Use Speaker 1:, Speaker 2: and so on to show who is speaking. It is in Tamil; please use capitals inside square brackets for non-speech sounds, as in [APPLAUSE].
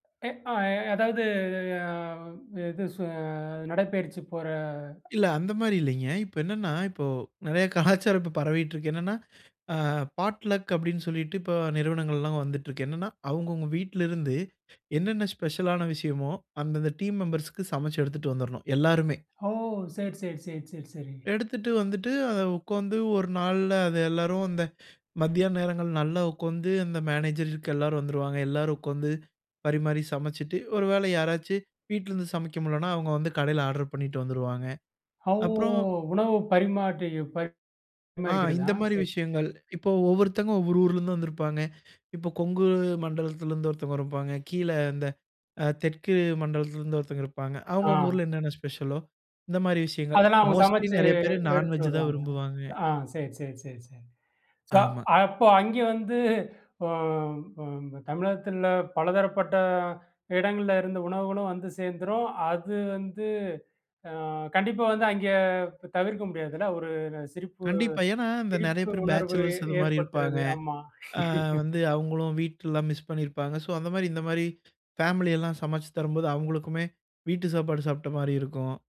Speaker 1: ஏ அ அதாவது அ இது நடைப்பயிற்சி போற
Speaker 2: இல்ல. அந்த மாரி இல்லைங்க. இப்ப என்னன்னா, இப்போ நெறைய கலாச்சாரம் பரவிட்டு இருக்கு. என்னன்னா, ஆ பாட் லக் அப்டின்னு சொல்லிட்டு இப்ப நிறுவனங்கள்லாம் வந்துட்டு இருக்கு. என்னன்னா அவங்கவுங்க வீட்ல இருந்து என்னன்ன ஸ்பெஷல் ஆன விஷயமோ அந்தந்த டீம் மெம்பர்ஸ்க்கு சமைச்சு எடுத்துட்டு வந்துறணும் எல்லாருமே.
Speaker 1: ஓஹ் சரி, சரி, சரி, சரி, சரி.
Speaker 2: எடுத்துட்டு வந்துட்டு அத உட்காந்து ஒரு நாள்ல அது எல்லாரும் அந்த மதியான நேரங்கள் நல்லா உட்காந்து அந்த மேனேஜருக்கு எல்லாரும் வந்துருவாங்க. எல்லாரும் உட்கார்ந்து பரிமாறி சமைச்சிட்டு ஒருவேள யாராச்சு வீட்டிலருந்து சமைக்க முடியலனா அவங்க வந்து கடைல ஆர்டர் பண்ணிட்டு வந்துருவாங்க.
Speaker 1: அவ்
Speaker 2: அப்புறம்
Speaker 1: உணவு பரிமாற்றி
Speaker 2: ஆ
Speaker 1: பரிமாறிக்கிறதா?
Speaker 2: இந்த மாரி
Speaker 1: சரி, சரி.
Speaker 2: விஷயங்கள். இப்போ ஒவ்வொருத்தங்க ஒவ்வொரு ஊரிலிருந்தும் வந்திருப்பாங்க. இப்போ கொங்கு மண்டலத்திலிருந்து ஒருத்தவங்க இருப்பாங்க. கீழ இந்த அ தெற்கு மண்டலத்திலிருந்து ஒருத்தவங்க இருப்பாங்க. அவங்க
Speaker 1: ஆ.
Speaker 2: அவங்க ஊருல என்னென்ன ஸ்பெஷலோ இந்த மாரி விஷயங்கள்.
Speaker 1: அதெல்லாம் அவங்க
Speaker 2: மோஸ்ட்லி
Speaker 1: சமைச்சு
Speaker 2: நெறைய பேர்
Speaker 1: எடுத்துட்டு
Speaker 2: நான்வெஜ் தான்
Speaker 1: வருவாங்களா?
Speaker 2: விரும்புவாங்க.
Speaker 1: ஆ சரி, சரி, சரி, சரி. ஸோ
Speaker 2: ஆமா.
Speaker 1: அப்ப அங்கே வந்து ஒ ஒ தமிழகத்தில பலதரப்பட்ட இடங்கள்ல இருந்த உணவுகளும் வந்து சேர்ந்துரும். அது வந்து அ கண்டிப்பா வந்து அங்கே தவிர்க்க முடியாதுல்ல. ஒரு சிரிப்பு
Speaker 2: கண்டிப்பா, ஏன்னா இந்த நெறைய
Speaker 1: சிரிப்பு
Speaker 2: பேர்
Speaker 1: உணர்வு
Speaker 2: பேச்சலர்ஸ் அது மாரி இருப்பாங்க.
Speaker 1: ஏற்படுத்துறது. ஆமா
Speaker 2: அ
Speaker 1: [LAUGHS]
Speaker 2: வந்து அவங்களும் வீட்டலாம் மிஸ் பண்ணியிருப்பாங்க. ஸோ அந்த மாரி, இந்த மாரி ஃபேமிலி எல்லாம் சமைச்சு தரும்போது அவங்களுக்குமே வீட்டு சாப்பாடு சாப்பிட்ட மாரி இருக்கும்.